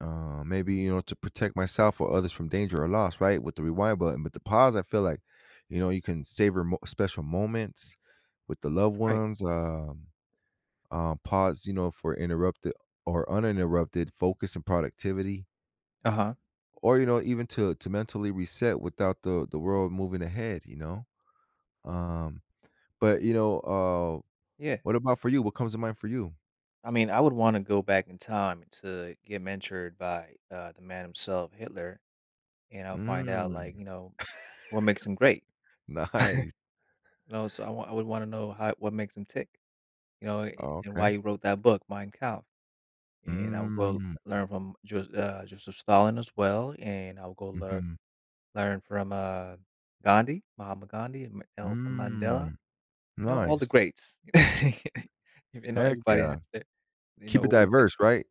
Uh, maybe, you know, to protect myself or others from danger or loss, right, with the rewind button. With the pause, I feel like, you know, you can savor mo special moments with the loved Right. ones, um um, pause, you know, for interrupte or uninterrupted focus and productivity Uh-huh. or, you know, even to to mentally reset without the the world moving ahead, you know? Um, but, you know, uh, Yeah. what about for you? What comes to mind for you? I mean, I would wanna go back in time to get mentored by, uh, the man himself, Hitler, and I'll find out, Mm, like, you know, what makes him great. Nice. You know, so I wou I would wanna know how what makes him tick, you know, a a and Okay. why he wrote that book, Mein Kampf, and I will Mm. learn from Jos uh, Joseph Stalin as well, and I'll go lear Mhm. learn from, uh, Gandhi, Mahatma Gandhi, Ma Nelson Mandela, Mm. know all the Nice. greats. If You know, Heck everybody has yeah. to you Keep know, it who the diverse, right?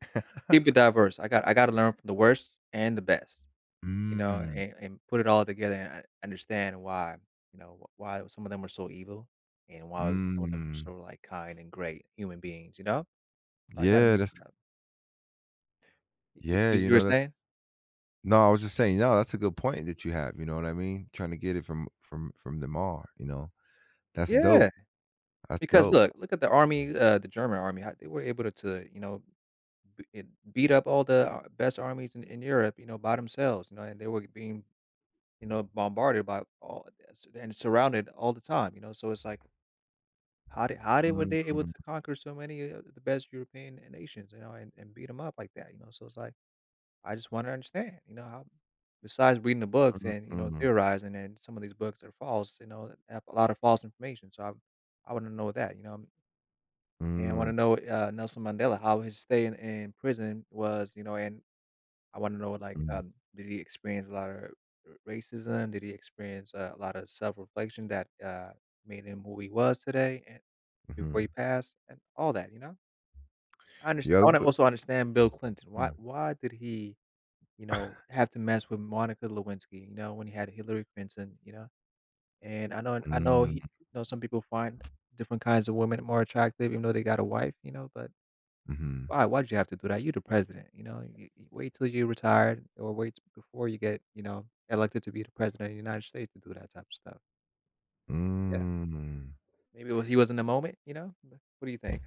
Keep it diverse, I got I gotta learn from the worst and the best, you know, Mm. and and put it all together and and understand why you know, w why some of them are so evil, and why was some of them are Mm. so, like, kind and great human beings, you know? I gotta Yeah, meet that's t them up. The Yeah, you You were know, that's saying? No, I was just saying No, that's a good point that you have, you know what I mean? Tryna get it from from from the mar, you know? That's dope. Yeah. That's Because dope. look, look at the army, uh, the German army a they were able to, you know, i en beat up all the best armies in in Europe, you know, by themselves, you know, and they were being, you know, bombarded by all and su and surrounded all the time, you know, so it's like, how they how were they able to Mhm. conquer so many o of the best European e nations, you know, and and beat them up like that? You know, so it's like, I just wanna understand, you know, how besides reading the books Mhm, and, you know, mhm. theorizing, and some of these books are false, you know, have a lot of false information, so I w I wanna know that, you know, and and I Mm. wanna know, uh, Nelson Mandela, how his stay in in prison was, you know? And I wanna know what, like, Mm. um did he experience a lot of r r racism? Did he experience a lot of self-reflection that, uh, made him who he was today, and before Mhm. he passed, and all that, you know? Unders Yeah, I that was wanna a also understand Bill Clinton. Why Mm. why did he, you know, have to mess with Monica Lewinsky, you know, when he had Hillary Clinton, you know? And I known and I know he Mm. you know, some people find different kinds of women more attractive even though they got a wife, you know? But, Mhm. why? "Why did you'd have to do that, you're the president, you know, you you wait till you retired or wait before you get, you know, elected to be the president of the United States to do that type of stuff." Yeah. Mhm. Maybe Well he was in the moment, you know? But, what do you think?